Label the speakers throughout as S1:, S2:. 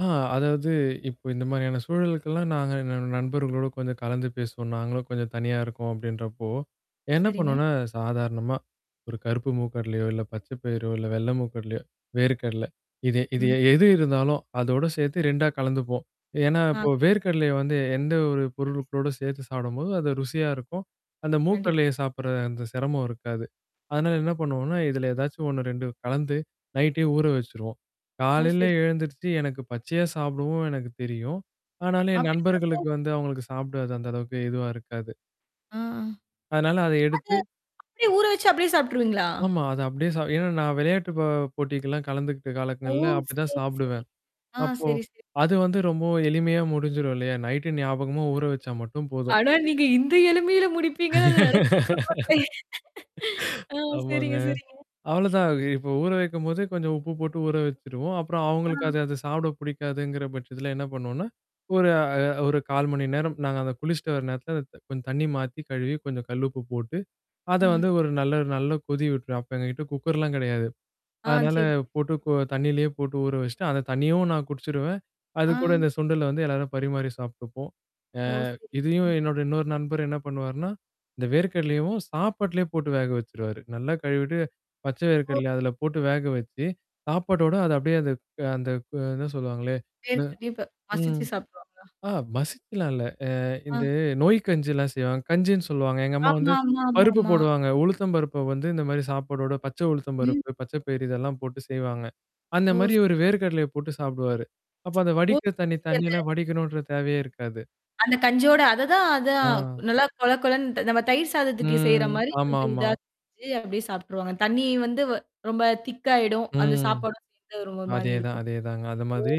S1: ஆ அதாவது, இப்ப இந்த மாதிரியான சூழலுக்கல்லாம் நாங்க எங்க நண்பர்களோடு கொஞ்சம் கலந்து பேசுவோம். நாங்களும் கொஞ்சம் தனியா இருக்கோம் அப்படின்றப்போ.
S2: ஓ!
S1: என்ன
S2: சரிங்க.
S1: பண்ணுவோம்ன்னா, சாதாரணமா, ஒரு கருப்பு மூக்கு கடலையோ, இல்ல பச்சை பயிரோ, இல்ல வெள்ளை மூக்கு கடலையோ, வேர்க்கடல. இது இது
S2: ம்.
S1: எ எது
S2: சரிங்க.
S1: இருந்தாலும், அதோட சேர்த்து 2ஆ கலந்துப்போம். ஏன்னா,
S2: ஆ.
S1: இப்போ
S2: [unintelligible]
S1: வேர்க்கடலய வந்து எந்த ஒரு பொருட்களோடு சேர்த்து சாப்பிடும்போது அது ருசியா இருக்கும். அந்த மூக்கு
S2: கண்டிப்
S1: கடலைய சாப்புடுற அந்த சிரமம் இருக்காது. அதனால என்ன பண்ணுவோம்ன்னா, இதுல ஏதாச்சும் 1, 2 கலந்து நைட்டே ஊற வச்சுருவோம்.
S2: ஓ!
S1: காலையில
S2: சரி.
S1: எழுந்துருச்சு எனக்கு பச்சையா சாப்பிடவும் எனக்கு தெரியும். ஆனாலும் என் நண்பர்களுக்கு
S2: அப்படிங்களாங்க?
S1: வந்து அவுங்களுக்கு சாப்புட அது அந்த அளவுக்கு ஏதுவா இருக்காது.
S2: ஆ.
S1: அதனால அத
S2: அது
S1: எடுத்து
S2: அப்படியே ஊற வச்சு அப்படியே சாப்ட்டுருவீங்களா?
S1: ஆமா. அத அப்படியே சா ஏன்னா, நான் விளையாட்டு ப போட்டிக்கல்லாம் கலந்துக்கிட்ட
S2: ஓ!
S1: காலங்கள்ல அப்படி தான்
S2: சரி, சரி.
S1: சாப்பிடுவேன்.
S2: ஆ
S1: அப்போ,
S2: சரி, சரி.
S1: அது வந்து ரொம்பவும் எளிமையா முடிஞ்சிரும் இல்லையா? நைட்டு ஞாபகமா ஊற வச்சா மட்டும் போதும்.
S2: ஆனா நீங்க இந்த எளிமையில முடிப்பீங்கன்னு நான் நெனச்சுக்கூட பாக்கலைங்க. ஆ
S1: ஆமாங்க.
S2: சரிங்க, சரிங்க.
S1: அவ்வளோதான். இப்போ, ஊற வைக்கும்போதே கொஞ்சம் உப்பு போட்டு ஊற வச்சுருவோம். அப்புறம் அவங்களுக்கு
S2: அ.
S1: அது அத சாப்பிட புடிக்காதுங்கிற பட்சத்துல என்ன பண்ணுவோன்னா? ஒரு அ ஒரு 1/4 மணி நேரம், நாங்க அத குளிச்சுட்டு வர நேரத்தில அந்த கொஞ்சம் தண்ணி மாத்தி, கழுவி, கொஞ்சம் கல்லு உப்பு போட்டு அத
S2: ஆ.
S1: வந்து ஒரு நல்ல நல்ல கொதி விட்டுரும். அப்ப எங்ககிட்ட குக்கர்லாம் கிடையாது.
S2: ஆ சரி,
S1: அதனால
S2: சரி.
S1: போட்டு இப்போ தண்ணியிலே போட்டு ஊற வச்சுட்டு, அந்த தண்ணியவும் நான் குடிச்சுடுவேன். அது
S2: ஆ.
S1: கூட இந்த சுண்டல வந்து எல்லாரும் பரிமாறி சாப்ட்டுப்போம். அ
S2: ஓ!
S1: இதையும்
S2: சரிங்க.
S1: என்னோட இன்னொரு நண்பர் என்ன பண்ணுவாார்ன்னா, இந்த வேர்க்கடலையவும் சாப்பாட்லயே போட்டு வேக வச்சுருவாரு. நல்லா கழுவிட்டு பச்சை
S2: ஓ.
S1: வேர்கடலைய அதுல போட்டு வேக வச்சு, சாப்பாட்டோட அத அப்படியே அந்த அந்த கு எதோ சொல்லுவாங்களே? ம
S2: வேர்க்கடலையே இப்ப
S1: ம்.
S2: மசிச்சு சாப்ட்டுருவாங்களா?
S1: அ மசிச்சலாம் இல்ல. அ
S2: ஆ.
S1: இந்த நொய் கஞ்சில்லாம் செய்வாங்க. கஞ்சின்னு சொல்லுவாங்க. எங்க அம்மா வந்து
S2: ஆமா, ஆமா,
S1: பருப்பு
S2: ஆமாமா.
S1: போடுவாங்க. உளுத்தம் பருப்பு வந்து இந்த மாரி சாப்பாடோட பச்சை உழுத்தம்
S2: ம்.
S1: பருப்பு, பச்ச பயர் இதெல்லாம் போட்டு செய்வாங்க. அந்த
S2: ஓ!
S1: மாரி
S2: சரிங்க.
S1: இவரு வேர்க் கடலைய போட்டு சாப்பிடுவாரு. அப்ப அந்த
S2: ஓ
S1: வடிக்கிற தண்ணி தண்ணீல்லாம் வடிக்கணுன்ற தேவையே இருக்காது.
S2: அந்த கஞ்சியோட அததான் அதான்
S1: அ.
S2: நல்லா கொழக் கொழன்ட்டு, நம்ம தயிர் சாதத்துக்கு செய்ற
S1: ம்.
S2: மாரி கொஞ்சம்
S1: ஆமாமா.
S2: இதா செஞ்சு அப்படியே சாப்ட்டுருவாங்க. தண்ணி வந்து வ ரொம்ப திக்காயிடும். அந்த
S1: ம்.
S2: சாப்பாடும் சேர்ந்து அது ஒரு மா மாரி
S1: அதேதான்,
S2: இருக்கும். ஓ!
S1: அதேதாங்க. அது மாதிரி,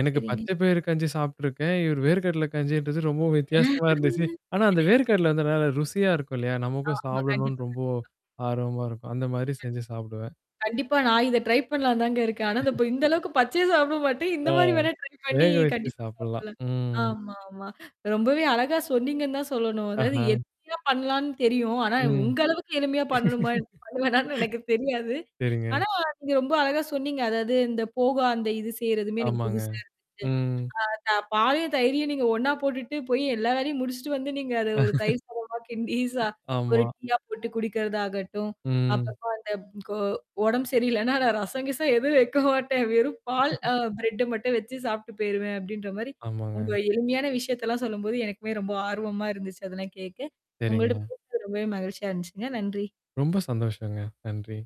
S1: எனக்கு
S2: சரிங்க.
S1: பச்சை பயரு கஞ்சி சாப்ட்டுருக்கேன். இவரு வேர்ககடல கஞ்சின்றது ரொம்பவும் வித்தியாசமா இருந்துச்சு. ஆனா அந்த வேர்க்கடல வந்து நல்லா ருசியா இருக்கும் இல்லையா?
S2: ஆமா,
S1: நமக்கும் சாப்பிடணும்ன்னு
S2: கண்டிப்பா.
S1: ரொம்போ
S2: கண்டிப்பா.
S1: ஆர்வமா இருக்கும். அந்த மாரி செஞ்சு சாப்பிடுவேன்.
S2: கண்டிப்பா. கண்டிப்பா, நான் இத ட்ரை பண்ணலாம்ன்னு தாங்க இருக்கேன். ஆனா, இந்த இப்ப இந்த அளவுக்கு பச்சையா சாப்பிட மாட்டேன். இந்த
S1: அ.
S2: மாரி வேணா ட்ரை பண்ணி
S1: வேக வச்சு
S2: கண்டிப்பா
S1: சாப்பிடலாம்.
S2: சாப்புடுவேன்.
S1: ம்.
S2: ஆமாமா. ரொம்பவே அழகா சொன்னீங்கன்னு தான் சொல்லணும். அதாவது
S1: அஹா.
S2: எளிமையா பண்ணலாம்ன்னு தெரியும். ஆனா
S1: ம்.
S2: உங்க அளவுக்கு எளிமையா பண்ணணுமா? பண்ணுவேணான்னு எனக்கு தெரியாது.
S1: சரிங்க.
S2: ஆனா நீங்க ரொம்ப அழகா சொன்னீங்க. அதாவது இந்த போவா அந்த இது செய்றதுமே எனக்கு
S1: ஆமாங்க.
S2: புதுசா இருந்துச்சு.
S1: ம்.
S2: அ த பாலையும், தயிரையும் நீங்க ஒண்ணா போட்டுட்டு, போய் எல்லா வேலையும் முடிச்சுட்டு வந்து நீங்க அத ஒரு தயிர் சாதமா கிண்டி சா ஒரு
S1: ஆமா.
S2: டீயா போட்டு குடிக்கிறதாகட்டும்,
S1: ம்.
S2: அப்புறமா அந்த கோ "உடம்பு சரியில்லன்னா, நான் ரசம் கிசம் எதுவும் வைக்க மாட்டேன். வெறும் பால் அ பிரெட்ட மட்டும் வச்சு சாப்பிட்டு போயிருவேன்." அப்படின்ற மாரி உங்க
S1: ஆமாங்க.
S2: எளிமையான விஷயத்தல்லாம் சொல்லும்போது, எனக்குமே ரொம்ப ஆர்வமா இருந்துச்சு அதெல்லாம் கேட்க. உங்களோட
S1: சரிங்க.
S2: பேசுனது ரொம்பவே மகிழ்ச்சியா இருந்துச்சுங்க. நன்றி.
S1: ரொம்ப சந்தோஷங்க. நன்றி.